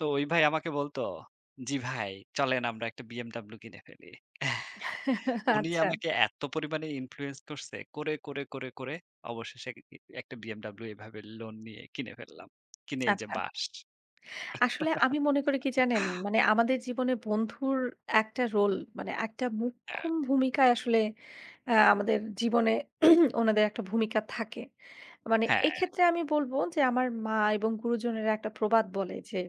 তো ওই ভাই আমাকে বলতো, জি ভাই, চলেন আমরা একটা BMW কিনে ফেলি এ্যাহ উনি আচ্ছা। আমাকে এত পরিমাণে influence করসে! করে, করে, করে, করে অবশেষে এক ই ই একটা BMW এইভাবে লোন নিয়ে কিনে ফেললাম। কিনে এই যে আচ্ছা। বাঁশ। আসলে আমি মনে করি কি জানেন, মানে আমাদের জীবনে বন্ধুর একটা রোল, মানে একটা হ্যাঁ। মোক্ষম ভূমিকায় আসলে অ্যা আমাদের জীবনে ওনাদের একটা ভূমিকা থাকে। মানে হ্যাঁ। এক্ষেত্রে আমি বলব, যে আমার মা এবং গুরুজনেরা একটা প্রবাদ বলে যে,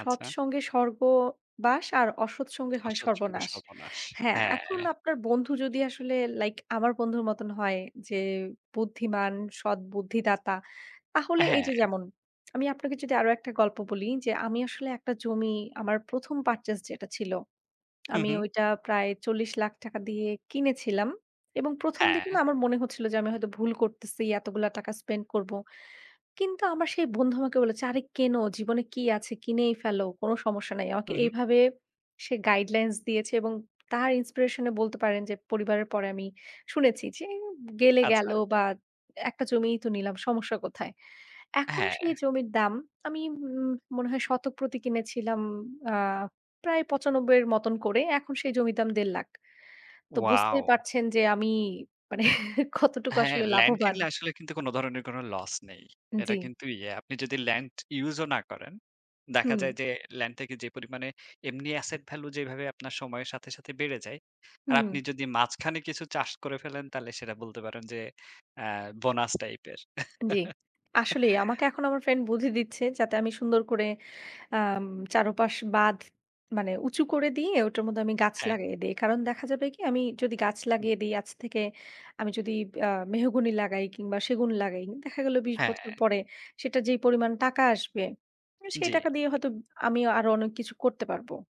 সৎ আচ্ছা। সঙ্গে স্বর্গবাস। আর অসৎ সঙ্গে হয় অসৎ সঙ্গে সর্বনাশ। সর্বনাশ। হ্যাঁ, হ্যাঁ। এখন আপনার বন্ধু যদি আসলে লাইক আমার বন্ধুর মতন হয় যে বুদ্ধিমান, সৎ বুদ্ধিদাতা, অ্যা তাহলে এই হ্যাঁ। যে যেমন আমি আপনাকে যদি আরও একটা গল্প বলি যে, আমি আসলে একটা জমি আমার ১ম purchase যেটা ছিল, হু, আমি হু। ওইটা প্রায় ৳৪০,০০,০০০ দিয়ে কিনেছিলাম এবং প্রথমদিকে হ্যাঁ। না আমার মনে হচ্ছিল যে, আমি হয়তো ভুল করতেসি, এতগুলা টাকা spend করব। কিন্তু আমার সেই বন্ধু আমাকে বলেছে, আরে কিন, জীবনে কী আছে, কিনেই ফেলো, কোনো সমস্যা নাই। আমাকে হু, হু। এইভাবে সে গাইডলাইনস দিয়েছে এবং তার ইনস্পিরেশনে বলতে পারেন যে পরিবারের পরে আমি শুনেছি যে, গেলে গেল আচ্ছা। বা একটা জমিই তো নিলাম, সমস্যা কোথায়? এখন সেই হ্যাঁ। জমির দাম আমি উম মনে হয় শতক প্রতি কিনেছিলাম আ প্রায় ৯৫ য়ের মতন করে। এখন সেই জমির দাম ৳১,৫০,০০০ তো বুঝতেই ওয়াও! পারছেন যে আমি মানে কতটুকু হ্যাঁ, আসলে ল্যান্ড লাভবান কিনলে আসলে কিন্তু কোনো ধরনের কোনো লস নেই। এটা জি। কিন্তু ইয়ে। আপনি যদি ল্যান্ড ইউজও না করেন, দেখা যায় হুম। যে ল্যান্ড থেকে যে পরিমাণে এমনি asset value যেইভাবে আপনার সময়ের সাথে, সাথে বেড়ে যায়। আর হুম। আপনি যদি মাঝখানে কিছু চাষ করে ফেলেন, তাহলে সেটা বলতে পারেন যে, অ্যাঁ বোনাস টাইপের। জি। আসলেই আমাকে এখন আমার friend বুদ্ধি দিচ্ছে যাতে আমি সুন্দর করে আম চারপাশ বাঁধ মানে উঁচু করে দিয়ে ওটার মধ্যে আমি গাছ হ্যাঁ। লাগিয়ে দেই। কারণ দেখা যাবে কি আমি যদি গাছ হুম। লাগিয়ে দেই আজ থেকে আমি যদি আ মেহগনি লাগাই কিংবা সেগুন লাগাই দেখা গেল ২০ বছর হ্যাঁ। পরে সেটা যেই পরিমাণ টাকা আসবে, সেই জি। টাকা দিয়ে হয়তো আমি আরও অনেক কিছু করতে পারব।